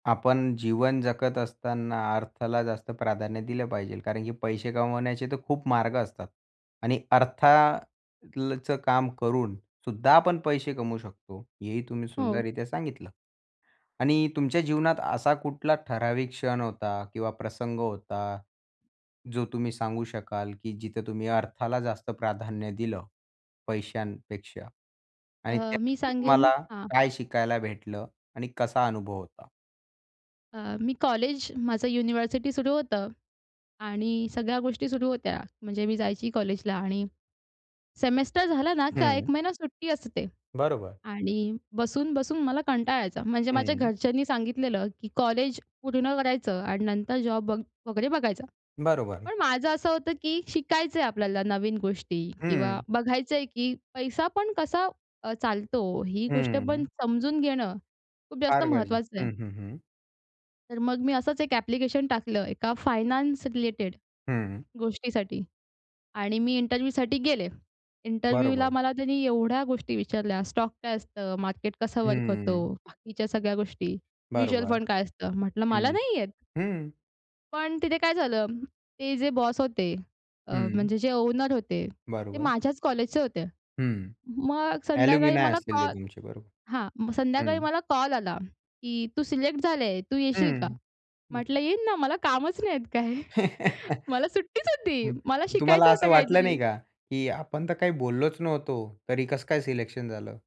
आपण जीवन जगत असताना अर्थाला जास्त प्राधान्य दिलं पाहिजे कारण की पैसे कमवण्याचे तर खूप मार्ग असतात आणि अर्था ल चं काम करून सुद्धा आपण पैसे कमवू शकतो, हेही तुम्ही हो. सुंदररित्या सांगितलं. आणि तुमच्या जीवनात असा कुठला ठराविक क्षण होता किंवा प्रसंग होता, जो तुम्ही सांगू शकाल, की जिथे तुम्ही अर्थाला जास्त प्राधान्य दिलं पैशांपेक्षा आणि अ, मी त्यातून सांगेन तुम्हाला हां. काय शिकायला भेटलं आणि कसा अनुभव होता? अ, मी कॉलेज माझं युनिव्हर्सिटी सुरू होतं आणि सगळ्या गोष्टी सुरू होत्या. म्हणजे मी जायची कॉलेजला आणि सेमेस्टर झाला ना, का 1 हं. महिना सुट्टी असते. बरोबर. आणि बसून-बसून मला कंटाळा यायचा, म्हणजे माझ्या हं. घरच्यांनी सांगितलं की कॉलेज पूर्ण करायचं आणि नंतर जॉब बघ वगैरे बघायचा. बरोबर. पण माझं असं होतं, की शिकायचंय आपल्याला नवीन गोष्टी किंवा हं. बघायचंय की पैसा पण कसा अ, चालतो ही गोष्ट पण हं. समजून घेणं खूप जास्त फार गरजे महत्वाचं आहे. हं, हं, हं. तर मग मी असंच एक ॲप्लिकेशन टाकलं एका फायनान्स रिलेटेड हं. गोष्टीसाठी आणि मी इंटरव्ह्यूसाठी गेले. इंटरव्ह्यूला बरोबर. मला त्यांनी एवढ्या गोष्टी विचारल्या स्टॉक काय असतं, मार्केट कसं वर्क होतो, हं. बाकीच्या सगळ्या गोष्टी, म्युच्युअल बरोबर. फंड काय असतं? म्हटलं मला हं. नाही येत. हं. पण तिथे काय झालं, ते जे बॉस होते अ, हं. म्हणजे जे ओनर होते ते बरोबर. माझ्याच कॉलेजचे होते. हं, मग संध्याकाळी ॲल्युमिनाय मला असतील ते कॉल तुमचे बरोबर. हां, मग हं. संध्याकाळी मला कॉल आला की तू सिलेक्ट झाली आहे, तू येशील का? हं. म्हटलं येईन ना मला कामच नाहीयेत काय. मला सुट्टीच होती. मला तुम्हाला शिकायचं होतं असं वाटलं काहीतरी. नाही का, की आपण तर काही बोललोच नव्हतो तरी कसं काय सिलेक्शन झालं?